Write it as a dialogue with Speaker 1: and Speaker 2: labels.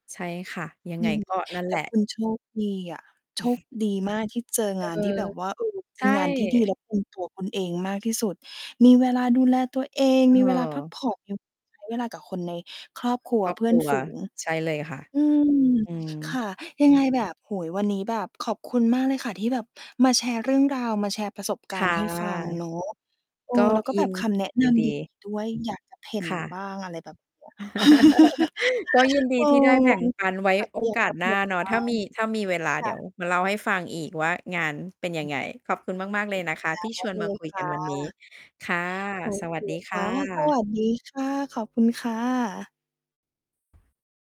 Speaker 1: ใช่ค่ะ ยัง
Speaker 2: อื
Speaker 1: ไง
Speaker 2: ม
Speaker 1: ก็นั่น
Speaker 2: แ
Speaker 1: แ
Speaker 2: ต
Speaker 1: หล
Speaker 2: ่
Speaker 1: ะ
Speaker 2: คุณ โชคดีอะ โชคดีมากที่เจอ
Speaker 1: เอ
Speaker 2: งาน
Speaker 1: อ
Speaker 2: ที่แบบว่า เออ เป
Speaker 1: ใช
Speaker 2: ็น
Speaker 1: ่
Speaker 2: งานที่ดีและ ตรง ตัวคุณเองมากที่สุด มีเวลาดูแลตัวเอง มีเวลาพัก
Speaker 1: เออ
Speaker 2: ผ่อน เงี้ย ใช้ เวลากับคนในครอบครัว
Speaker 1: ครอบ
Speaker 2: เพื
Speaker 1: ค
Speaker 2: ่อ
Speaker 1: ร
Speaker 2: น
Speaker 1: ัว
Speaker 2: ฝูง
Speaker 1: ใช่เลยค่ะ
Speaker 2: อืม
Speaker 1: อื
Speaker 2: ค
Speaker 1: ม
Speaker 2: ่ะ ยังไงแบบ โอ้โฮ วันนี้แบบขอบคุณมากเลยค่ะ ที่แบบมาแชร์เรื่องราว มาแชร์ประสบก
Speaker 1: ค
Speaker 2: าร
Speaker 1: ่ะ
Speaker 2: ณ์ให้ฟังเนาะ เออ
Speaker 1: ก็
Speaker 2: แล้วก็
Speaker 1: อิ
Speaker 2: แบบ
Speaker 1: น
Speaker 2: คำแนะ
Speaker 1: ย
Speaker 2: น
Speaker 1: ินด
Speaker 2: ำ ดี ด
Speaker 1: ี
Speaker 2: ี ด้วย อยาก จะ เผ่น
Speaker 1: ค่ะ
Speaker 2: บ้าง อะไรแบบ เนี้ย
Speaker 1: ก็ยินด
Speaker 2: เอ
Speaker 1: ี
Speaker 2: อ
Speaker 1: ที่ได้แบ่งปัน ไว้
Speaker 2: แต่จ
Speaker 1: โอ
Speaker 2: ะอยาก
Speaker 1: กา
Speaker 2: จ
Speaker 1: ส
Speaker 2: ะเผ
Speaker 1: หน้
Speaker 2: ่
Speaker 1: า
Speaker 2: น
Speaker 1: เนาะ
Speaker 2: นะ
Speaker 1: ถ้ามี ถ้ามีเวลา
Speaker 2: ค
Speaker 1: เด
Speaker 2: ่
Speaker 1: ี๋ยว
Speaker 2: ะ
Speaker 1: มาเล่าให้ฟังอีกว่างานเป็นยังไง ขอบคุณมาก ๆ เลยนะคะที่
Speaker 2: โอ
Speaker 1: ชวน
Speaker 2: เค
Speaker 1: มาคุย
Speaker 2: ค
Speaker 1: กั
Speaker 2: ่
Speaker 1: น
Speaker 2: ะ
Speaker 1: วันนี้ ค่ะ
Speaker 2: โอ
Speaker 1: สว
Speaker 2: เค
Speaker 1: ัสดี
Speaker 2: ค
Speaker 1: ค่
Speaker 2: ่ะ สว
Speaker 1: ะ
Speaker 2: ัสดีค่ะ ขอบคุณค่ะ